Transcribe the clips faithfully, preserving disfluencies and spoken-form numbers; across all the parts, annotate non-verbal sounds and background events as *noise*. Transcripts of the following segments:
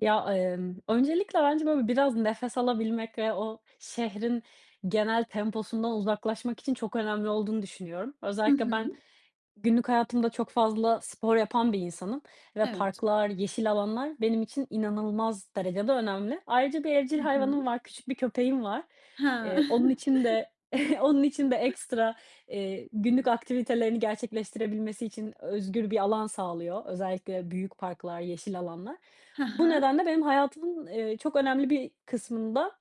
Ya, emm, öncelikle bence böyle biraz nefes alabilmek ve o şehrin genel temposundan uzaklaşmak için çok önemli olduğunu düşünüyorum. Hı Özellikle ben hı. günlük hayatımda çok fazla spor yapan bir insanım ve Evet. parklar, yeşil alanlar benim için inanılmaz derecede önemli. Ayrıca bir evcil Hı hayvanım hı. var, küçük bir köpeğim var, He. eee, onun *chuckles* için de *chuckles* onun için de *unintelligible* ekstra, eee, günlük aktivitelerini gerçekleştirebilmesi için özgür bir alan sağlıyor. Özellikle büyük parklar, yeşil alanlar. He Bu he. nedenle benim hayatımın, eee, çok önemli bir kısmında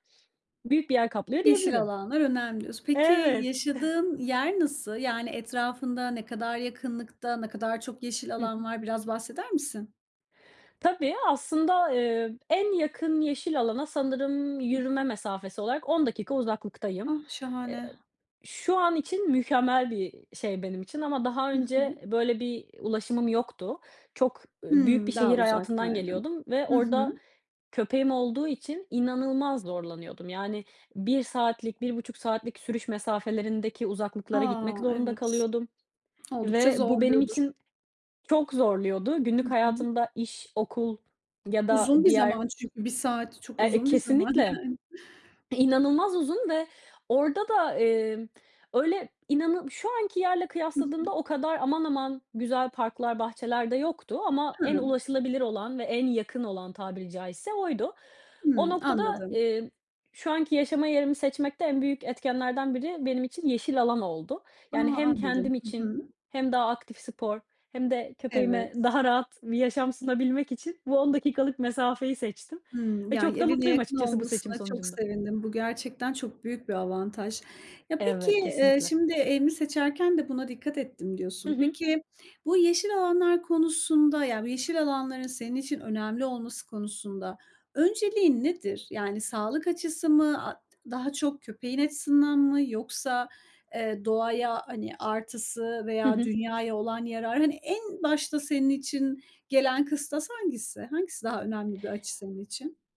büyük bir yer kaplıyor Yeşil diyebilirim. alanlar önemli diyorsun. Peki, Evet. *chuckles* yaşadığın yer nasıl, yani, etrafında ne kadar yakınlıkta, ne kadar çok yeşil Hı alan hı. var? Biraz bahseder misin? Tabii aslında, eee, en yakın yeşil alana sanırım Hı yürüme hı. mesafesi olarak on dakika uzaklıktayım. Ah, Eee, ı şahane! şu an için mükemmel bir i şey benim için ama daha Hı önce hı. e böyle bir i ulaşımım yoktu. Çok ı büyük bir Hımm, daha şehir hayatından uzaktaydın. geliyordum ve Hı orada hı. köpeğim olduğu için inanılmaz zorlanıyordum, yani, bir saatlik bir buçuk saatlik sürüş mesafelerindeki uzaklıklara gitmek A! zorunda Evet, kalıyordum oldukça ve bu benim zorluyordur. için çok zorluyordu. Hı Günlük hı. hayatımda iş, okul ya da Uzun bir diğer zaman çünkü bir saat çok Er E, uzun bir zaman, kesinlikle yani. inanılmaz uzun ve orada da, emm, öyle inanı şu anki yerle Hı kıyasladığımda hı. o kadar aman aman güzel parklar, bahçeler de yoktu ama en Hıı. ulaşılabilir olan ve en yakın olan tabiri caizse oydu. O Hımm, noktada, anladım. eee, şu anki yaşama yerimi seçmekte en büyük etkenlerden biri benim için yeşil alan oldu. A! Yani, hem Anladım, kendim hı için hı. hem daha aktif spor hem de köpeğime Evet. daha rahat bir yaşam sunabilmek için bu on dakikalık mesafeyi seçtim Hımm, ve yani, çok da evine mutluyum yakın açıkçası bu olmasına seçim çok sonucunda. sevindim, bu gerçekten çok büyük bir avantaj. Ya, peki, Evet, eee, kesinlikle. şimdi "Evimi seçerken de buna dikkat ettim." Hı diyorsun. hı. Peki, bu yeşil alanlar konusunda yani, bu yeşil alanların senin için önemli olması konusunda önceliğin nedir? Yani, sağlık açısı mı, a d daha çok köpeğin açısından mı? Yoksa, eee, doğaya, hani, artısı Hı veya hı. dünyaya olan yarar? Hani, en başta senin için gelen kıstas hangisi? Hangisi daha önemli bir açı senin için?